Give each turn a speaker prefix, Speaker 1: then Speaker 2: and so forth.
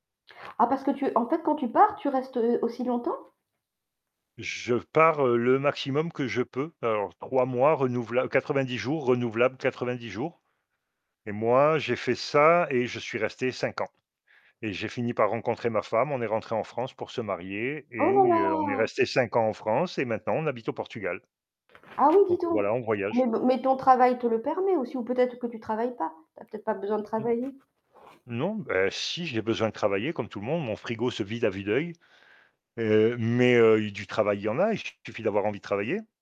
Speaker 1: Ah, parce que tu en fait quand tu pars, tu restes, heu, aussi longtemps?
Speaker 2: Je pars, heu, le maximum que je peux. Alors j 3 mois renouvela 90 jours, renouvelables 90 jours. Et moi, j'ai fait ça et je suis resté 5 ans. Et j'ai fini par rencontrer ma femme, on est rentrés en France pour se marier
Speaker 1: Oh là
Speaker 2: et, heu, on est
Speaker 1: là!
Speaker 2: restés 5 ans en France et maintenant on habite au Portugal.
Speaker 1: Ah, oui, dis
Speaker 2: Donc, heu,
Speaker 1: donc,
Speaker 2: voilà, on voyage.
Speaker 1: mais b mais ton travail te le permet aussi ou peut-être que tu travailles pas? Tu as peut-être pas besoin de
Speaker 2: Mmh.
Speaker 1: travailler?
Speaker 2: Non, bah, si, j'ai besoin de travailler comme tout le monde, mon frigo se vide à vue d'œil. Heu, mais heu, i du travail, il y en a, il su suffit d'avoir envie de travailler.